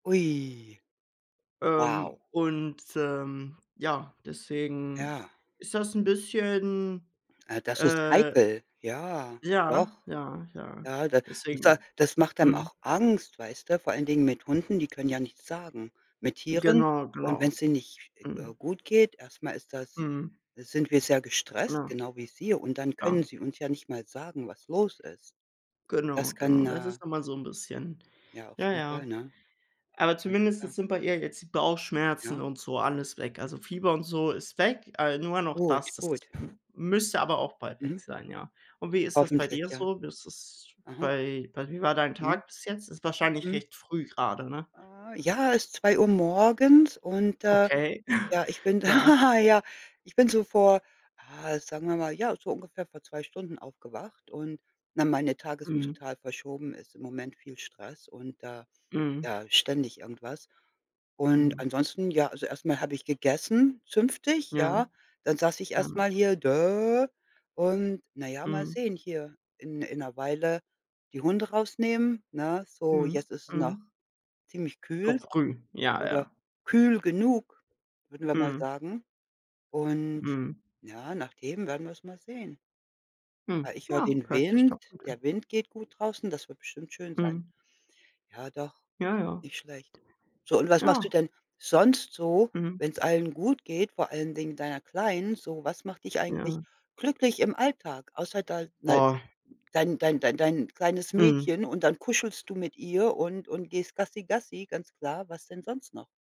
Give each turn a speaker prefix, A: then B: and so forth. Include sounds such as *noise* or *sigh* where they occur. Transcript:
A: Ui. Wow.
B: Ähm, und, ähm, ja, deswegen
A: Ja.
B: ist das 'n bisschen,
A: Ah, das ist
B: äh
A: heikel. Ja, doch.
B: ja, ja, ja,
A: Ja, da da
B: deswegen.
A: das macht einem
B: Mhm.
A: auch Angst, weißt du, vor allen Dingen mit Hunden, die können ja nichts sagen, mit Tieren
B: Genau,
A: und
B: genau.
A: wenn's denen nicht,
B: Mhm.
A: äh, gut geht, erst mal ist das
B: Mhm.
A: sind wir sehr gestresst,
B: Ja.
A: genau wie sie, und dann können
B: Klar.
A: sie uns ja nicht mal sagen, was los ist.
B: Genau,
A: Das
B: genau.
A: kann,
B: Das
A: äh
B: ist dann mal so 'n bisschen,
A: Ja, auf
B: ja,
A: jeden Fall,
B: ja.
A: ne?
B: Aber
A: Ja,
B: zumindest
A: klar.
B: jetzt sind bei ihr jetzt die Bauchschmerzen
A: Ja.
B: und so alles weg. Also Fieber und so ist weg, a nur noch
A: Gut,
B: das. Das
A: gut.
B: m müsste aber auch bald weg
A: Mhm.
B: sein, ja. Und wie ist das bei
A: Hoffentlich,
B: dir
A: ja.
B: so? Wie ist es
A: Aha.
B: bei bei wie war dein
A: Mhm.
B: Tag bis jetzt? Ist wahrscheinlich
A: Mhm.
B: recht früh gerade, ne?
A: Ah, ja, es ist 2:00 morgens und, äh,
B: Okay. *chuckles*
A: ja, ich bin
B: Ja.
A: da. Ja, ich bin so vor, ah, sagen wir mal, ja, so ungefähr vor 2 Stunden aufgewacht und na, meine Tage sind
B: Mhm.
A: total verschoben, ist im Moment viel Stress und da
B: Mhm.
A: ja, ständig irgendwas. Und
B: Mhm.
A: ansonsten, ja, also erst mal habe ich gegessen, zünftig,
B: Ja.
A: ja. Dann saß ich
B: Ja.
A: erst mal hier, und, na ja, mal
B: Mhm.
A: sehen hier in in 'ner Weile die Hunde rausnehmen, ne? So,
B: Mhm,
A: jetzt ist es noch
B: mhm.
A: ziemlich
B: Noch
A: kühl
B: früh, ja,
A: oder
B: ja.
A: kühl genug, würden wir mal
B: Mhm.
A: sagen. Und
B: Mhm.
A: ja, nach dem werden wir es mal sehen.
B: Mhm,
A: Ah, ich höre
B: ja,
A: den
B: hört sich doch
A: Wind,
B: gut an.
A: der Wind geht gut draußen, das wird bestimmt schön sein.
B: Mhm.
A: Ja, doch,
B: Ja, ja.
A: nicht schlecht. So, und was machst du
B: Ja.
A: denn sonst so,
B: Mhm.
A: wenn's allen gut geht, vor allen Dingen deiner Kleinen so? Was macht dich eigentlich
B: Ja.
A: glücklich im Alltag, außer da *unintelligible*
B: Oh.
A: dein dein dein dein kleines
B: Mhm.
A: Mädchen, und dann kuschelst du mit ihr und und gehst Gassi Gassi, ganz klar. Was denn sonst noch?